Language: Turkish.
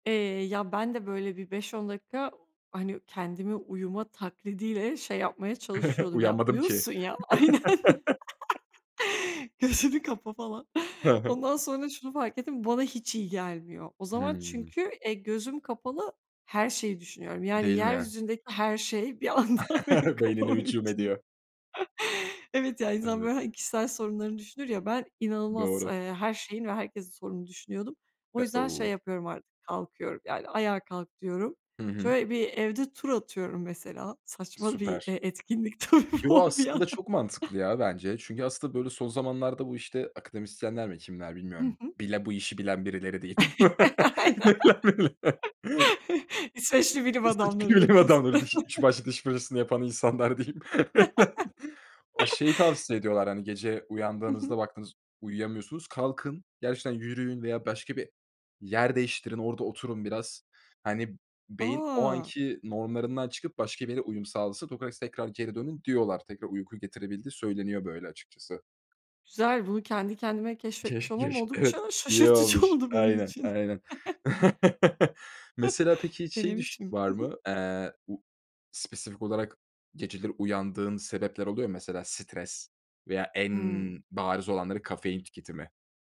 Eee, ya ben de böyle bir 5-10 dakika hani kendimi uyuma taklidiyle, şey yapmaya çalışıyordum ya, Uyanmadım ki. uyursun ya, aynen. Gözünü kapa falan. Hı hı. Ondan sonra şunu fark ettim, bu bana hiç iyi gelmiyor o zaman Hımm. çünkü, eee, gözüm kapalı her şeyi düşünüyorum. Yani Değil mi? yeryüzündeki her şey bir anda benim Beynine kafamın hücum içinde. ediyor. Evet ya insan Evet. böyle hani kişisel sorunlarını düşünür ya, ben inanılmaz, Doğru. eee, her şeyin ve herkesin sorununu düşünüyordum. O Eee, yüzden şey uuu yapıyorum artık, kalkıyorum, yani ayağa kalk diyorum. Hı hı. Şöyle bir evde tur atıyorum mesela. Saçma bir, eee Süper. e etkinlik tabii Yo bu bir aslında yandan. çok mantıklı, ya, bence. Çünkü aslında, böyle, son zamanlarda bu işte akademisyenler mi kimler Hı bilmiyorum. hı. Bile bu işi bilen birileri Aynen. diyeyim [unintelligible] İsveçli bilim İsveçli adamlarıdır bilim kesin. adamları, diş 3 başlı diş fırçasını yapan insanlar diyeyim. O şeyi tavsiye ediyorlar hani gece Hı hı. uyandığınızda baktınız uyuyamıyorsunuz. Kalkın gerçekten yürüyün veya başka bir yer değiştirin orada oturun biraz. Hani beyin o A! anki normlarından çıkıp başka bir yere uyum sağlasın [unintelligible] tekrar geri dönün diyorlar, tekrar uyku getirebildiği söyleniyor böyle açıkçası. Güzel, bunu kendi kendime keşfetmiş Keş olmam keş evet oldukça iyi şaşırtıcı olmuş. oldu benim Aynen için. aynen. Mesela peki hiç şey düş Denemişim. var Hı hı. mı? Eee, u spesifik olarak geceleri uyandığın sebepler oluyor mu? Mesela stres? Veya en Hımm. bariz olanları kafein tüketimi.